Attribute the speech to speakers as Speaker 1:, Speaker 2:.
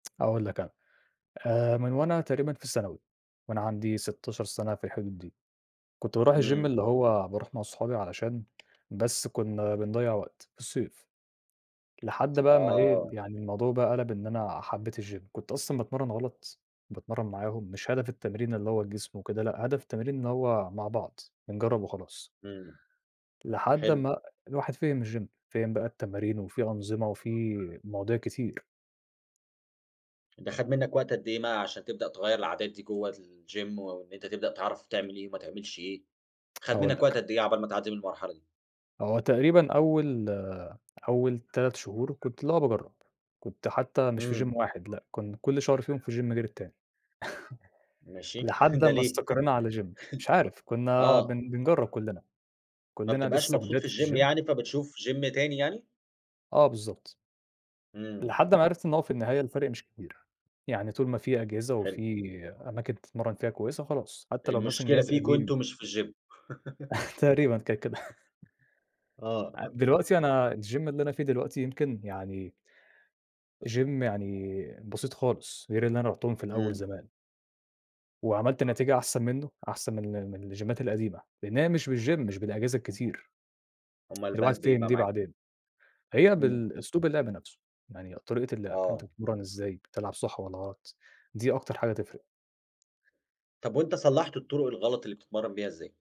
Speaker 1: هأقول لك أنا، آآ من وأنا تقريبًا في الثانوي، وأنا عندي 16 سنة في الحدود دي، كنت باروح الgym
Speaker 2: إمم.
Speaker 1: اللي هو باروح مع أصحابي علشان بس كنّا بنضيّع وقت في الصيف، لحد بقى أمّا إيه
Speaker 2: آه.
Speaker 1: يعني الموضوع بقى قَلَب إن أنا حبّيت الgym كنت أصلًا باتمرّن غلط، باتمرّن معاهم مش هدف التمرين اللي هو جسم وكده لأ هدف التمرين إن هو مع بعض، بنجرّب وخلاص.
Speaker 2: إمم
Speaker 1: لحد
Speaker 2: حلو.
Speaker 1: أمّا الواحد فهِم الgym فهِم بقى التمارين وفي أنظمة وفي مواضيع كتير.
Speaker 2: ده خَد منّك وقت قد إيه مع عشان تبدأ تغيّر العادات دي جوه الgym وإن أنت تبدأ تعرف تعمل إيه وما تعملش إيه، خَد
Speaker 1: هاقول
Speaker 2: مِنّك وقت
Speaker 1: لك.
Speaker 2: قد إيه عقبال ما تعدّي من المرحلة دي؟
Speaker 1: هو تقريبًا أول أول 3 شهور كنت اللي هو باجرّب، كنت حتى مش في
Speaker 2: إمم.
Speaker 1: gym واحد لأ كن كل شهر فيهم في gym غير التاني
Speaker 2: ماشي
Speaker 1: لحد
Speaker 2: ده
Speaker 1: أمّا
Speaker 2: ليه؟
Speaker 1: استقرينا على gym مش عارف كنّا
Speaker 2: آه.
Speaker 1: بن بنجرّب كُلّنا،
Speaker 2: ما
Speaker 1: كُلّنا
Speaker 2: بتبقاش
Speaker 1: لسه
Speaker 2: مبسوط
Speaker 1: جداد
Speaker 2: في
Speaker 1: في
Speaker 2: الgym
Speaker 1: الgym.
Speaker 2: يعني، فبتشوف gym تاني يعني؟
Speaker 1: آه بالضبط.
Speaker 2: إمم.
Speaker 1: لحد ما عرفت إن هو في النهاية الفرق مش كبير، يعني طول ما في أجهزة
Speaker 2: حلو.
Speaker 1: وفي أماكن تتمرن فيها كويسة خلاص حتى لو مثلًا
Speaker 2: المشكلة
Speaker 1: جهاز
Speaker 2: فيكم
Speaker 1: قديم.
Speaker 2: أنتم مش في الgym.
Speaker 1: تقريبًا كانت كده.
Speaker 2: آه.
Speaker 1: ع دلوقتي أنا الgym اللي أنا فيه دلوقتي يمكن يعني gym يعني بسيط خالص، غير اللي أنا رُحتهم في الأول
Speaker 2: إمم.
Speaker 1: زمان. وعملت نتيجة أحسن مِنُّه أحسن من ال من الجيمّات القديمة، لأن هي مش بالgym مش بالأجهزة الكتير.
Speaker 2: أُمال بقت
Speaker 1: الواحد
Speaker 2: بإيه
Speaker 1: فهِم
Speaker 2: بقى
Speaker 1: دي
Speaker 2: معاك؟
Speaker 1: بعدين. هي
Speaker 2: إمم.
Speaker 1: بالأسلوب اللعب نفسه يعني طريقة اللعب أنت
Speaker 2: آه.
Speaker 1: بتتمرّن إزاي بتلعب صح والّا غلط، دي أكتر حاجة تفرق.
Speaker 2: طَب وأنت صلحت الطرق الغلط اللي بتتمرن بيها إزاي؟